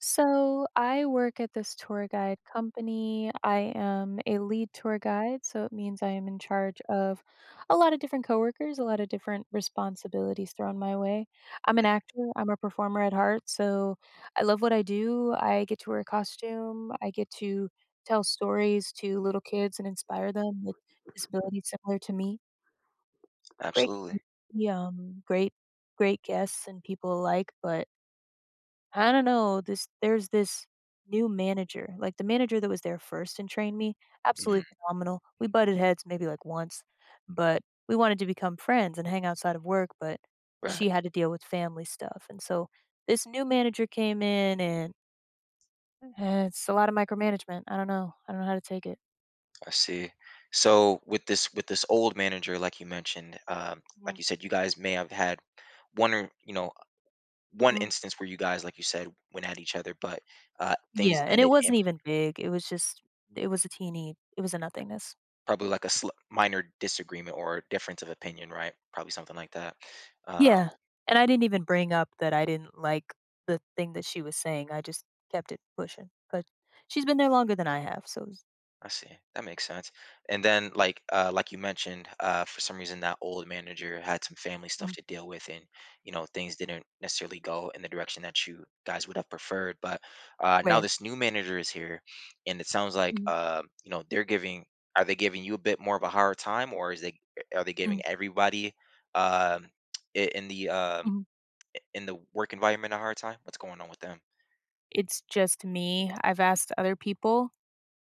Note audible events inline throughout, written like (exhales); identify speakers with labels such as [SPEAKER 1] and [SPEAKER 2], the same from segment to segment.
[SPEAKER 1] So, I work at this tour guide company. I am a lead tour guide, so it means I am in charge of a lot of different coworkers, a lot of different responsibilities thrown my way. I'm an actor, I'm a performer at heart, so I love what I do, I get to wear a costume, I get to tell stories to little kids and inspire them with disabilities similar to me Great, m
[SPEAKER 2] Absolutely.
[SPEAKER 1] yum, great great guests and people alike, but I don't know, this there's this new manager. Like, the manager that was there first and trained me, absolutely
[SPEAKER 2] Mm.
[SPEAKER 1] phenomenal. We butted heads maybe, like, once, but we wanted to become friends and hang outside of work, but
[SPEAKER 2] Right.
[SPEAKER 1] she had to deal with family stuff, and so this new manager came in, and eh it's a lot of micromanagement, I don't know. I don't know how to take it.
[SPEAKER 2] I see. So, with this with this old manager, like you mentioned um, like
[SPEAKER 1] Mhm.
[SPEAKER 2] you said, you guys may have had one or you know, one
[SPEAKER 1] Mhm.
[SPEAKER 2] instance where you guys, like you said, went at each other, but, uh, things
[SPEAKER 1] Yeah, and it
[SPEAKER 2] ended in
[SPEAKER 1] wasn't
[SPEAKER 2] p
[SPEAKER 1] even big, it was just it was a teeny it was a nothingness.
[SPEAKER 2] Probably like a sl minor disagreement, or difference of opinion, right? Probably something like that? Um
[SPEAKER 1] Yeah. And I didn't even bring up that I didn't like the thing that she was saying, I just kept it pushing, but she's been there longer than I have, so s
[SPEAKER 2] I see. That makes sense. And then, like uh, like you mentioned, uh, for some reason, that old manager had some family stuff
[SPEAKER 1] Mhm.
[SPEAKER 2] to deal with, and, you know, things didn't necessarily go in the direction that you guys would have preferred, but, uh, now
[SPEAKER 1] Right.
[SPEAKER 2] this new manager is here, and it sounds like,
[SPEAKER 1] Mhm.
[SPEAKER 2] um, you know, they're giving are they giving you a bit more of a hard time, or is it i are they giving
[SPEAKER 1] Mhm.
[SPEAKER 2] everybody, um, (tsk) i in the, um
[SPEAKER 1] Mhm.
[SPEAKER 2] i in the work environment a hard time? What's going on with them?
[SPEAKER 1] It's just me. I've asked other people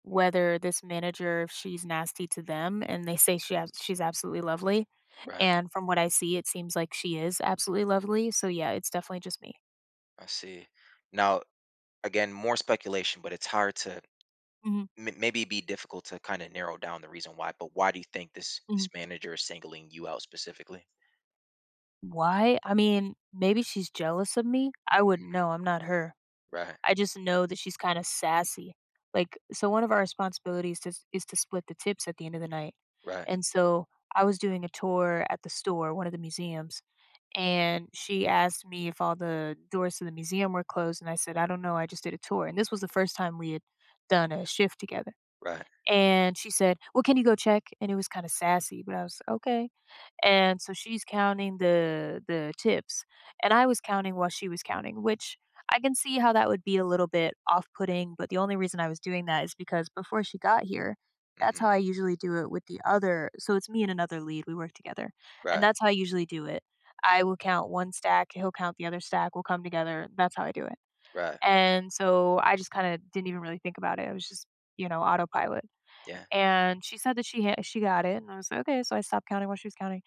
[SPEAKER 1] whether this manager if she's nasty to them, and they say she has she's absolutely lovely,
[SPEAKER 2] Right.
[SPEAKER 1] and from what I see, it seems like she is absolutely lovely, so, yeah, it's definitely just me.
[SPEAKER 2] I see. Now, again, more speculation, but it's hard to
[SPEAKER 1] Mhm.
[SPEAKER 2] may maybe be difficult to, kinda, narrow down the reason why, but why do you think this this
[SPEAKER 1] Mhm.
[SPEAKER 2] manager is singling you out specifically?
[SPEAKER 1] Why? I mean, maybe she's jealous of me. I wouldn't
[SPEAKER 2] Mhm.
[SPEAKER 1] know; I'm not her.
[SPEAKER 2] Right.
[SPEAKER 1] I just know that she's kinda sassy. Like so one of our responsibilities is is to split the tips at the end of the night,
[SPEAKER 2] Right.
[SPEAKER 1] and so I was doing a tour at the store- one of the museums- and she asked me if all the doors to the museum were closed, and I said, "I don't know; I just did a tour"- and this was the first time we had done a shift together-
[SPEAKER 2] Right.
[SPEAKER 1] and she said, "Well, can you go check?" and it was kinda sassy, but I was, "Okay." And, so she's counting the the tips. And I was counting while she was counting, which, I can see how that would be a little bit off putting, but the only reason I was doing that is because before she got here, that's how
[SPEAKER 2] Mhm.
[SPEAKER 1] I usually do it with the other so it's me and another lead; we work together, and
[SPEAKER 2] Right.
[SPEAKER 1] that's how I usually do it. I will count one stack; he'll count the other stack. We'll come together; that's how I do it.
[SPEAKER 2] Right.
[SPEAKER 1] And so I just kinda didn't even really think about it. I was just, you know, autopilot.
[SPEAKER 2] Yeah.
[SPEAKER 1] And she said that she ha she got it, and I was like, "Okay." So I stopped counting while she was counting.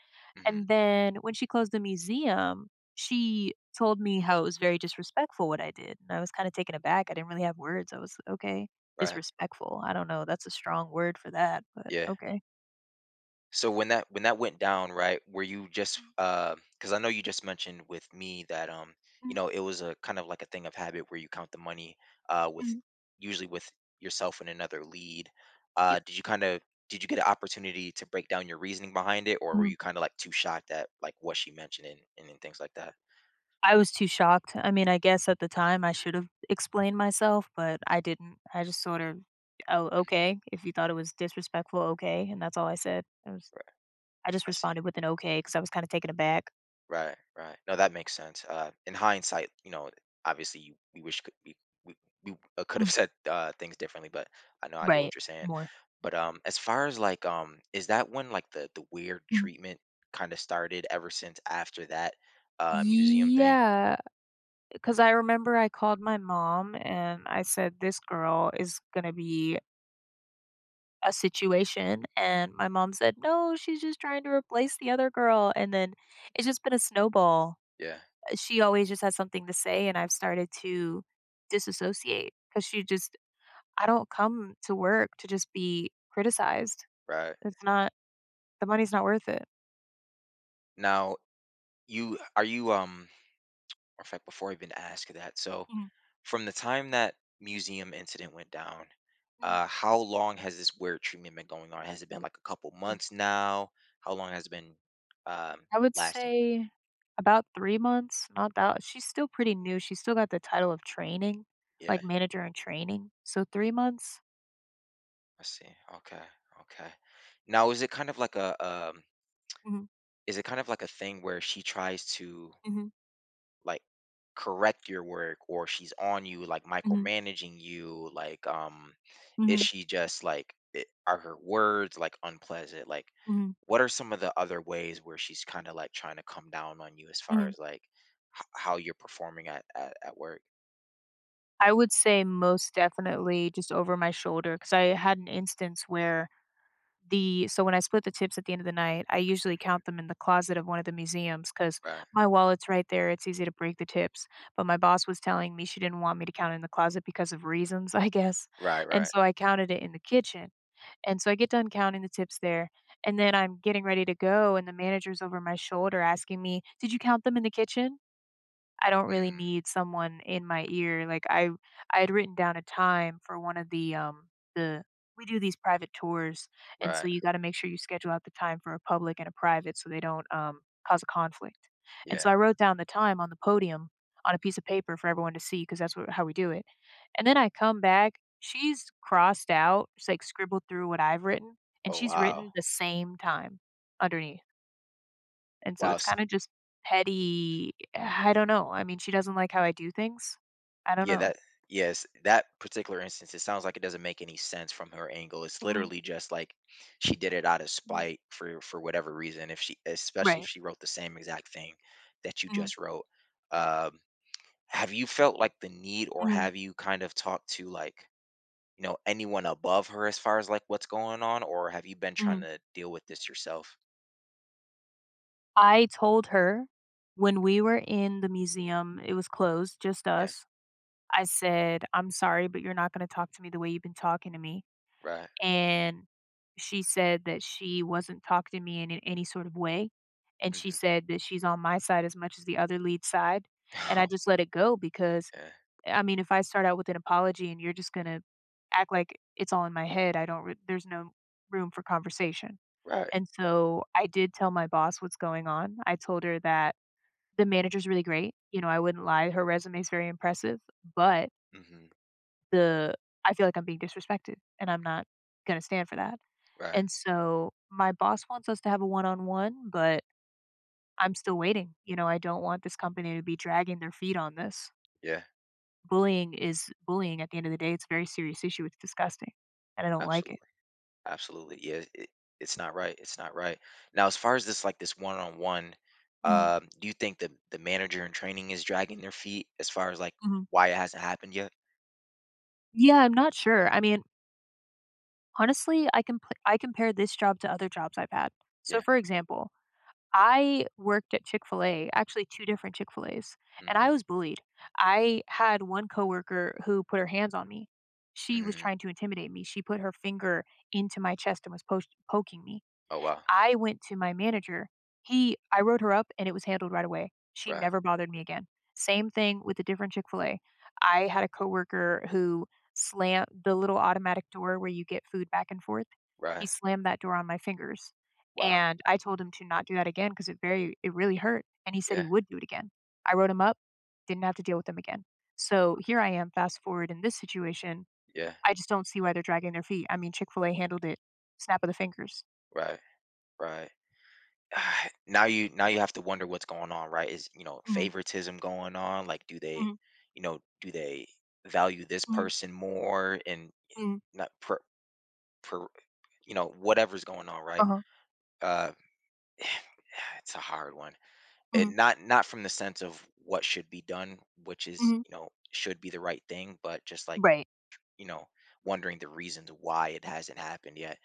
[SPEAKER 1] And
[SPEAKER 2] Mhm.
[SPEAKER 1] then when she closed the museum, she told me how it was very disrespectful what I did, and I was kinda taken aback. I didn't really have words. I was, "Okay.
[SPEAKER 2] Right.
[SPEAKER 1] Disrespectful. I don't know. That's a strong word for that, but
[SPEAKER 2] Yeah.
[SPEAKER 1] okay."
[SPEAKER 2] So when that when that went down, right, were you just, um 'cause I know you just mentioned with me that, um, you
[SPEAKER 1] Mhm.
[SPEAKER 2] know, it was a kind of like a thing of habit where you count the money, uh, with
[SPEAKER 1] Mhm.
[SPEAKER 2] usually with yourself and another lead. Uh,
[SPEAKER 1] Yep.
[SPEAKER 2] did you kinda did you get an opportunity to break down your reasoning behind it, or were
[SPEAKER 1] Mhm.
[SPEAKER 2] you kinda, like, too shocked at, like, what she mentioned and and then things like that?
[SPEAKER 1] I was too shocked. I mean, I guess at the time, I should have explained myself, but I didn't. I just sort of, "Oh,
[SPEAKER 2] Mhm.
[SPEAKER 1] okay. If you thought it was disrespectful, okay." And that's all I said. I was
[SPEAKER 2] Right.
[SPEAKER 1] I just
[SPEAKER 2] I see.
[SPEAKER 1] responded with an okay 'cause I was kinda taken aback.
[SPEAKER 2] Right, right. No, that makes sense. Uh, in hindsight, you know, obviously, you we wish c we we we, uh, could have
[SPEAKER 1] Mm.
[SPEAKER 2] said, uh, things differently, but I know I get what
[SPEAKER 1] Right.
[SPEAKER 2] you're saying.
[SPEAKER 1] More.
[SPEAKER 2] But, um, as far as, like, um, is that when, like, the the weird
[SPEAKER 1] Mhm.
[SPEAKER 2] treatment kinda started, ever since after that, uh, museum thing?
[SPEAKER 1] Yeah, 'cause I remember I called my mom, and I said, "This girl is gonna be" "a situation." And my mom said, "No, she's just trying to replace the other girl." And then it's just been a snowball.
[SPEAKER 2] Yeah.
[SPEAKER 1] Eh, she always just has something to say, and I've started to disassociate 'cause she just I don't come to work to just be criticized.
[SPEAKER 2] Right.
[SPEAKER 1] It's not the money's not worth it.
[SPEAKER 2] Now, you are you, um (smacks lips) in fact, before I even ask that So,
[SPEAKER 1] Mhm.
[SPEAKER 2] from the time that museum incident went down,
[SPEAKER 1] Mhm.
[SPEAKER 2] uh, how long has this work treatment been going on? Has it been, like, a couple
[SPEAKER 1] Mm.
[SPEAKER 2] months now? How long has it been, um,
[SPEAKER 1] I would
[SPEAKER 2] lasting?
[SPEAKER 1] say about 3 months. Not that she's still pretty new; she still got the title of training,
[SPEAKER 2] Yeah.
[SPEAKER 1] like, manager in training, so 3 months.
[SPEAKER 2] I see. Okay, okay. Now is it kind of like a, um
[SPEAKER 1] Mhm.
[SPEAKER 2] Is it kind of like a thing where she tries to
[SPEAKER 1] Mhm.
[SPEAKER 2] like, correct your work or she's on you, like,
[SPEAKER 1] Mhm.
[SPEAKER 2] micromanaging you? Like, um is
[SPEAKER 1] Mhm.
[SPEAKER 2] she just, like I are her words, like, unpleasant? Like,
[SPEAKER 1] Mhm.
[SPEAKER 2] what are some of the other ways where she's kinda, like, trying to come down on you as far
[SPEAKER 1] Mhm.
[SPEAKER 2] as, like, h how you're performing at at at work?
[SPEAKER 1] I would say most definitely just over my shoulder 'cause I had an instance where the so when I split the tips at the end of the night, I usually
[SPEAKER 2] Mhm.
[SPEAKER 1] count them in the closet of one of the museums 'cause
[SPEAKER 2] Right.
[SPEAKER 1] my wallet's right there; it's easy to break the tips. But my boss was telling me she didn't want me to count in the closet because of reasons, I guess,
[SPEAKER 2] Right.
[SPEAKER 1] and
[SPEAKER 2] Right.
[SPEAKER 1] so I counted it in the kitchen. And so I get done counting the tips there, and then I'm getting ready to go, and the manager's over my shoulder asking me, "Did you count them in the kitchen?" I don't really
[SPEAKER 2] Mm.
[SPEAKER 1] need someone in my ear. Like, I I had written down a time for one of the, um the we do these private tours, and so
[SPEAKER 2] Right.
[SPEAKER 1] you gotta make sure you schedule out the time for a public and a private so they don't, um, cause a conflict. And
[SPEAKER 2] Yeah.
[SPEAKER 1] so I wrote down the time on the podium on a piece of paper for everyone to see 'cause that's what how we do it. And then I come back. She's crossed out. She's, like, scribbled through what I've written, and
[SPEAKER 2] Oh,
[SPEAKER 1] she's
[SPEAKER 2] wow.
[SPEAKER 1] written the same time underneath. And so
[SPEAKER 2] Wow,
[SPEAKER 1] it's
[SPEAKER 2] s
[SPEAKER 1] kinda just petty (sighs) I don't know. I mean, she doesn't like how I do things. I don't
[SPEAKER 2] Yeah,
[SPEAKER 1] know.
[SPEAKER 2] that Yes, that particular instance, it sounds like it doesn't make any sense from her angle. It's
[SPEAKER 1] Mhm.
[SPEAKER 2] literally just, like, she did it out of
[SPEAKER 1] Mhm.
[SPEAKER 2] spite for for whatever reason if she especially if
[SPEAKER 1] Right.
[SPEAKER 2] she wrote the same exact thing that you
[SPEAKER 1] Mhm.
[SPEAKER 2] just wrote. Uh, (tsk) have you felt, like, the need, or
[SPEAKER 1] Mhm.
[SPEAKER 2] have you, kind of, talked to, like, y'know, anyone above her as far as, like, what's going on, or have you been trying
[SPEAKER 1] Mhm.
[SPEAKER 2] to deal with this yourself?
[SPEAKER 1] I told her when
[SPEAKER 2] Mhm.
[SPEAKER 1] we were in the museum- it was closed; just
[SPEAKER 2] Yeah.
[SPEAKER 1] us- I said, "I'm sorry, but you're not gonna talk to me the way you been talking to me,"
[SPEAKER 2] Right.
[SPEAKER 1] and she said that she wasn't talking to me in in any sort of way, and she
[SPEAKER 2] Mhm.
[SPEAKER 1] said that she's on my side as much as the other lead's side. And I
[SPEAKER 2] Oh.
[SPEAKER 1] just let it go because
[SPEAKER 2] Yeah.
[SPEAKER 1] I mean, if I start out with an apology and you're just gonna act like it's all in my head, I don't re there's no room for conversation.
[SPEAKER 2] Right.
[SPEAKER 1] And so I did tell my boss what's going on. I told her that the manager's really great. You know, I wouldn't lie. Her resume is very impressive, but
[SPEAKER 2] Mhm.
[SPEAKER 1] the I feel like I'm being disrespected, and I'm not gonna stand for that.
[SPEAKER 2] Right.
[SPEAKER 1] And so my boss wants us to have a one on one, but I'm still waiting. You know? I don't want this company to be dragging their feet on this.
[SPEAKER 2] Yeah.
[SPEAKER 1] Bullying is bullying at the end of the day, it's a very serious issue. It's disgusting, and I don't like it.
[SPEAKER 2] Absolutely, absolutely. Yeah, it it's not right it's not right. Now as far as this, like, this one-on-one,
[SPEAKER 1] Mhm.
[SPEAKER 2] um, do you think the the manager-in-training is dragging their feet as far as, like,
[SPEAKER 1] Mhm.
[SPEAKER 2] why it hasn't happened yet?
[SPEAKER 1] Yeah. I'm not sure. I mean honestly, I compa I compare this job to other jobs I've had. So
[SPEAKER 2] Yeah.
[SPEAKER 1] for example, I worked at Chick-fil-A, actually, 2 different Chick-fil-A's, and I
[SPEAKER 2] Mhm.
[SPEAKER 1] was bullied. I had one coworker who put her hands on me. She was
[SPEAKER 2] Mhm.
[SPEAKER 1] trying to intimidate me. She put her finger into my chest and was post poking me.
[SPEAKER 2] Oh, wow.
[SPEAKER 1] I went to my manager. He I wrote her up and it was handled right away. She
[SPEAKER 2] Right.
[SPEAKER 1] never bothered me again. Same thing with a different Chick-fil-A. I had a coworker who slammed- the little automatic door where you get food back and forth he
[SPEAKER 2] Right.
[SPEAKER 1] slammed that door on my fingers,
[SPEAKER 2] Wow.
[SPEAKER 1] and I told him to not do that again 'cause it very it really hurt, and he said he
[SPEAKER 2] Yeah.
[SPEAKER 1] would do it again. I wrote him up, didn't have to deal with him again.
[SPEAKER 2] Wow.
[SPEAKER 1] So here I am fast forward in this situation.
[SPEAKER 2] Yeah.
[SPEAKER 1] I just don't see why they're dragging their feet. I mean, Chick-fil-A handled it, snap of the fingers.
[SPEAKER 2] Right, right. (exhales) Now you now you have to wonder what's going on, right? Is, you know,
[SPEAKER 1] Mhm.
[SPEAKER 2] favoritism going on? Like, do they,
[SPEAKER 1] Mhm.
[SPEAKER 2] you know do they value this
[SPEAKER 1] Mhm.
[SPEAKER 2] person more and, eh,
[SPEAKER 1] Mhm.
[SPEAKER 2] not per per you know, whatever's going on, right?
[SPEAKER 1] Uh-huh.
[SPEAKER 2] Uh, (sighs) it's a hard one. And
[SPEAKER 1] Mhm.
[SPEAKER 2] not not from the sense of what should be done, which is
[SPEAKER 1] Mhm.
[SPEAKER 2] you know, should be the right thing, but just, like, ch
[SPEAKER 1] Right.
[SPEAKER 2] you know, wondering the reasons why it hasn't happened yet.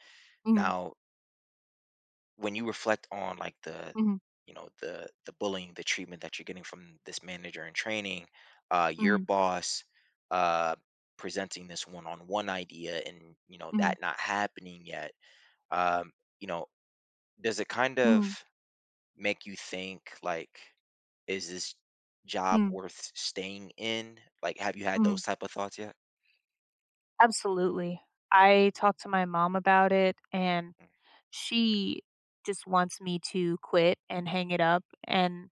[SPEAKER 1] Mhm.
[SPEAKER 2] Now when you reflect on, like, the,
[SPEAKER 1] Mhm.
[SPEAKER 2] you know the the bullying, the treatment that you're getting from this manager-in-training, uh, your
[SPEAKER 1] Mhm.
[SPEAKER 2] boss, uh, presenting this one-on-one idea and, you know,
[SPEAKER 1] Mhm.
[SPEAKER 2] that not happening yet, um, you know, does it kind of
[SPEAKER 1] Mhm.
[SPEAKER 2] make you think, like, is this job
[SPEAKER 1] Mhm.
[SPEAKER 2] worth staying in? Like, have you had
[SPEAKER 1] Mhm.
[SPEAKER 2] those type of thoughts yet?
[SPEAKER 1] Absolutely. I talked to my mom about it, and
[SPEAKER 2] (unintelligible)
[SPEAKER 1] she just wants me to quit and hang it up, and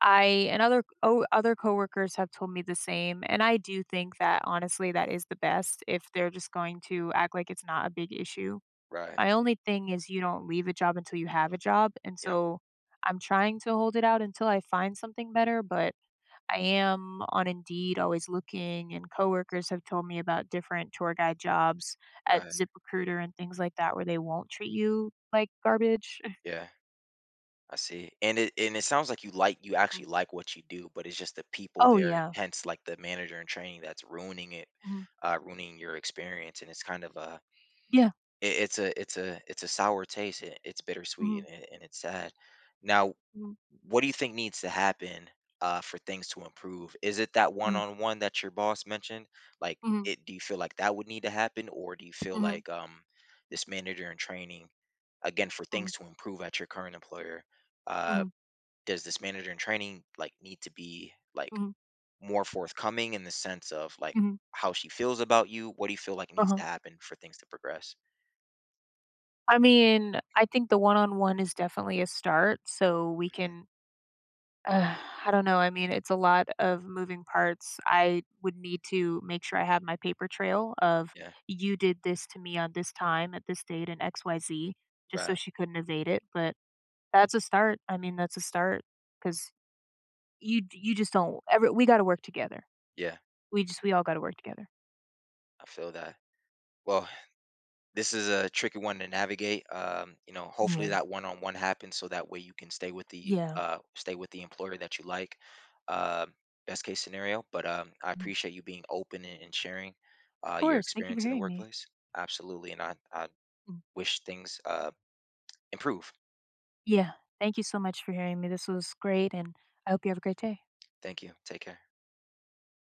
[SPEAKER 1] I and other o other coworkers have told me the same, and I do think that, honestly, that is the best if they're just going to act like it's not a big issue.
[SPEAKER 2] Right.
[SPEAKER 1] My only thing is you don't leave a job until you have a job, and
[SPEAKER 2] Yep.
[SPEAKER 1] so I'm trying to hold it out until I find something better, but I am on Indeed always looking, and coworkers have told me about different tour-guide jobs at
[SPEAKER 2] Right.
[SPEAKER 1] ZipRecruiter and things like that where they won't treat you like garbage. (scoffs)
[SPEAKER 2] Yeah. I see. And it and it sounds like you like you actually
[SPEAKER 1] Mm.
[SPEAKER 2] like what you do, but it's just the people
[SPEAKER 1] Oh,
[SPEAKER 2] there-
[SPEAKER 1] yeah.
[SPEAKER 2] hence, like, the manager-in-training that's ruining it,
[SPEAKER 1] Mhm.
[SPEAKER 2] uh ruining your experience, and it's kind of a
[SPEAKER 1] Yeah.
[SPEAKER 2] i it's a it's a it's a sour taste. I it's bittersweet,
[SPEAKER 1] Mhm.
[SPEAKER 2] and and and it's sad. Now
[SPEAKER 1] Mhm.
[SPEAKER 2] what do you think needs to happen, uh, for things to improve? Is it that
[SPEAKER 1] Mhm.
[SPEAKER 2] one-on-one that your boss mentioned? Like,
[SPEAKER 1] Mhm.
[SPEAKER 2] it do you feel like that would need to happen, or do you feel
[SPEAKER 1] Mhm.
[SPEAKER 2] like, um, this manager-in-training, again, for
[SPEAKER 1] Mhm.
[SPEAKER 2] things to improve at your current employer, uh,
[SPEAKER 1] Mhm.
[SPEAKER 2] does this manager-in-training, like, need to be, like,
[SPEAKER 1] Mhm.
[SPEAKER 2] more forthcoming in the sense of, like,
[SPEAKER 1] Mhm.
[SPEAKER 2] how she feels about you? What do you feel like needs
[SPEAKER 1] Uh-huh.
[SPEAKER 2] to happen for things to progress?
[SPEAKER 1] I mean, I think the one-on-one is definitely a start, so we
[SPEAKER 2] Mhm.
[SPEAKER 1] can (exhales) I don't know, I mean, it's a lot of moving parts. I would need to make sure I have my paper trail of
[SPEAKER 2] Yeah.
[SPEAKER 1] you did this to me on this time at this date and x y z just so
[SPEAKER 2] Right.
[SPEAKER 1] she couldn't evade it, but that's a start. I mean, that's a start 'cause you d you just don't ever we gotta work together.
[SPEAKER 2] Yeah.
[SPEAKER 1] We just we all gotta work together.
[SPEAKER 2] I feel that. Well, this is a tricky one to navigate. Um, you know, hopefully
[SPEAKER 1] Yeah.
[SPEAKER 2] that one-on-one happens so that way you can stay with the,
[SPEAKER 1] Yeah.
[SPEAKER 2] uh stay with the employer that you like, um, best case scenario. But, um, I
[SPEAKER 1] Mm.
[SPEAKER 2] appreciate you being open and and sharing,
[SPEAKER 1] Of
[SPEAKER 2] uh, your
[SPEAKER 1] course. Thank you for
[SPEAKER 2] experience in the
[SPEAKER 1] hearing me.
[SPEAKER 2] workplace. Absolutely, and I I
[SPEAKER 1] Mhm.
[SPEAKER 2] wish things, uh, improve.
[SPEAKER 1] Yeah. Thank you so much for hearing me. This was great, and I hope you have a great day.
[SPEAKER 2] Thank you. Take care.